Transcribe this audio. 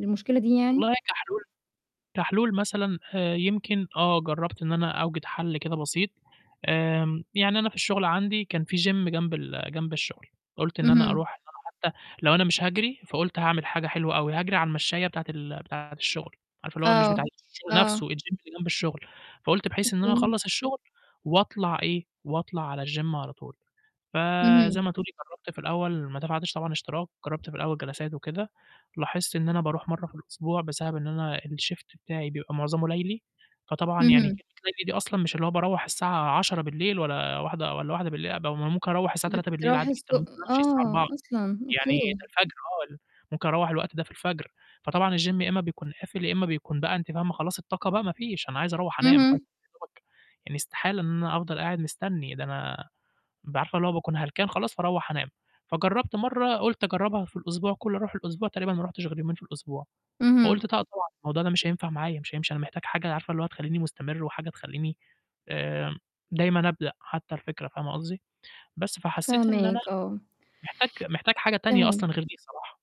المشكلة دي يعني؟ والله كحلول كحلول مثلًا آآ، يمكن آه جرّبت إن أنا أوجِد حَل كده بسيط، آمم، يعني أنا في الشغل عندي كان في gym جنب ال جنب الشغل، قُلت إن أنا اهم. أرُوح إن أنا حتى لو أنا مش هاجري، فقُلت هاعمل حاجة حلوة أوي، هاجري على المشّاية بتاعة ال بتاعة الشغل، عارفة اللي هو مش بتاعة آه، الشغل نَفْسه، الgym آه. اللي جنب الشغل، فقُلت بحيث إن أنا أوكي. أخلّص الشغل وأطلع إيه، وأطلع على الgym على طول، فزي اهم. ما تقولي جرّبت في الأول ما دفعتش طبعًا اشتراك، جرّبت في الأول جلسات وكده، لاحظت إن أنا بارُوح مرّه في الأسبوع بسبب إن أنا الشيفت بتاعي بيبقى معظمُه لَيلي، فطبعا يعني كلمة اهم. لَيلي دي أصلًا مش اللي هو باروّح الساعة 22:00 بالليل والَّا 01:00 والَّا 01:00 بالليل، قب ممكن أروّح الساعة 03:00 بالليل بترُوح عادي الص جدًا، وممكن أمشي الساعة آه، 04:00 أصلًا! يعني أوكي. الفجر آه ال ممكن أروّح الوقت ده في الفجر، فطبعا الgym يا إمّا بيكون قافل يا إمّا بيكون بقى أنتِ فاهمة خلاص الطاقة بقى ما فيش، أنا عايز أروّح أنام [unintelligible] اهم. يدوبك يعني استحالة إن أنا أفضل قاعد مستني، ده أنا بابقى عارفة اللي هو باكون هلكان خلاص فاروّح أنام، فجرّبت مرّه قُلت أجرّبها في الأسبوع كُلّه أرُوح الأسبوع تقريبًا ما رُحتش غير يومين في الأسبوع، اهم. فقُلت ط [unintelligible] طبعًا الموضوع ده مش هينفع معايا مش هيمشي أنا محتاج حاجة عارفة اللي هو تخلّيني مستمر وحاجة تخلّيني آمم، دايمًا أبدأ حتى الفكرة فاهمة قصدي، بس فحسّيت إن أنا فاهماك، آه. محتاج محتاج حاجة تانية أصلًا تمام. غير دي صراحة